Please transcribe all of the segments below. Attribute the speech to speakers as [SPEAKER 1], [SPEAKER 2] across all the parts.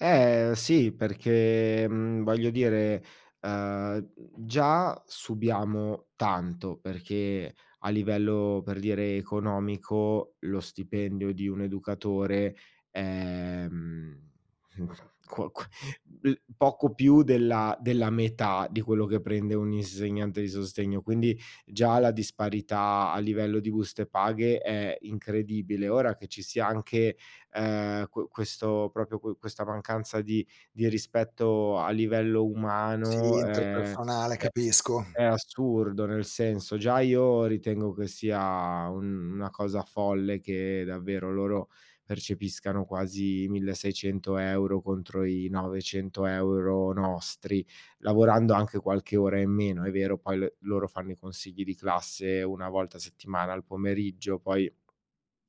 [SPEAKER 1] Ehm, sì, perché, mhmm, voglio dire, uhm: già subiamo tanto. Perché, a livello, per dire, economico, lo stipendio di un educatore, ehm, co que l poco più della della metà, di quello che prende un insegnante di sostegno. Quindi, già la disparità a livello di buste paghe è incredibile. Ora, che ci sia anche, uhm, que questo proprio qu questa mancanza di di rispetto a livello
[SPEAKER 2] Sì,
[SPEAKER 1] umano è
[SPEAKER 2] interpersonale
[SPEAKER 1] è
[SPEAKER 2] capisco.
[SPEAKER 1] è assurdo. Nel senso, già io ritengo che sia un una cosa folle che davvero, loro, percepiscano quasi 1600 € euro contro i 900 € euro nostri. Lavorando anche qualche ora in meno. È vero, poi l loro fanno i consigli di classe una volta a settimana al pomeriggio. Poi,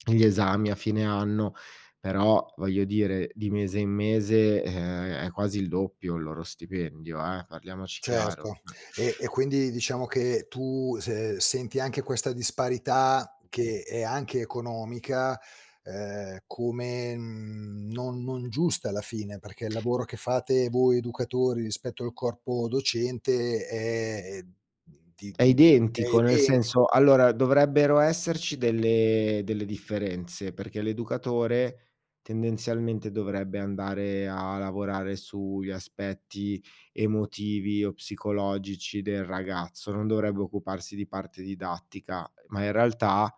[SPEAKER 1] gli esami a fine anno. Però, voglio dire: di mese in mese, ehm, è quasi il doppio il loro stipendio eh, parliamoci chiaro,
[SPEAKER 2] Certo.
[SPEAKER 1] cioè.
[SPEAKER 2] E e quindi, diciamo che tu, se senti anche questa disparità che è anche economica. Ehm, come, mhmm, non non giusta alla fine. Perché il lavoro che fate voi educatori, rispetto al corpo docente è, ehm, di
[SPEAKER 1] È
[SPEAKER 2] è
[SPEAKER 1] identico, nel senso:
[SPEAKER 2] identico.
[SPEAKER 1] allora, dovrebbero esserci delle delle differenze. Perché l'educatore, tendenzialmente dovrebbe andare a lavorare sugli aspetti emotivi o psicologici del ragazzo. Non dovrebbe occuparsi di parte didattica, ma in realtà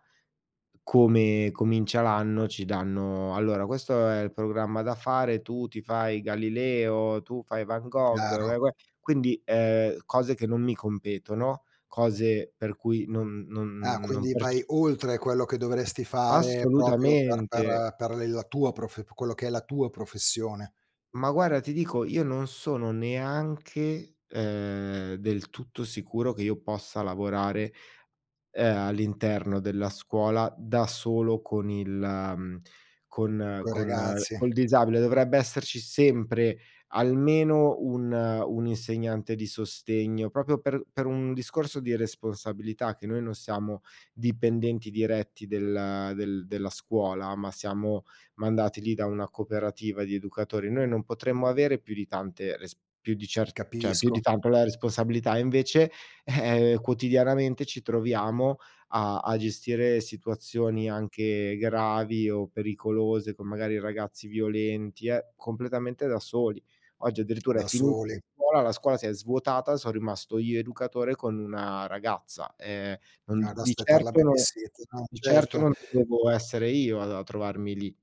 [SPEAKER 1] come comincia l'anno ci danno: "Allora questo è il programma da fare, tu ti fai Galileo, tu fai Van Gogh,
[SPEAKER 2] Chiaro.
[SPEAKER 1] uè, uè". Quindi, ehm, cose che non mi competono, cose per cui non
[SPEAKER 2] Ah,
[SPEAKER 1] non non
[SPEAKER 2] quindi vai
[SPEAKER 1] perce
[SPEAKER 2] oltre quello che dovresti fare, proprio per
[SPEAKER 1] Assolutamente.
[SPEAKER 2] per per le la tua profe quello che è la tua professione.
[SPEAKER 1] Ma guarda, ti dico, io non sono neanche, ehm, del tutto sicuro che io possa lavorare, ehm, all'interno della scuola, da solo, con il mhmm, con
[SPEAKER 2] Coi
[SPEAKER 1] con
[SPEAKER 2] ragazzi.
[SPEAKER 1] col disabile. Dovrebbe esserci sempre, almeno un un insegnante di sostegno. Proprio per per un discorso di responsabilità, che noi non siamo dipendenti diretti del del della scuola. Ma siamo mandati lì da una cooperativa di educatori. Noi non potremmo avere più di tante res più di cer cioè, più di
[SPEAKER 2] Capisco.
[SPEAKER 1] tanto la responsabilità. E invece, eh, quotidianamente ci troviamo a a gestire situazioni, anche gravi o pericolose. Con magari, ragazzi violenti e completamente da soli. Oggi, addirittura è
[SPEAKER 2] Da
[SPEAKER 1] finita la
[SPEAKER 2] soli.
[SPEAKER 1] scuola, la scuola si è svuotata. Son rimasto io educatore con una ragazza. Ehm, non
[SPEAKER 2] Ad
[SPEAKER 1] di
[SPEAKER 2] aspettar la
[SPEAKER 1] certo no
[SPEAKER 2] babysitter, no,
[SPEAKER 1] di certo
[SPEAKER 2] certo.
[SPEAKER 1] non dovevo essere io a a trovarmi lì.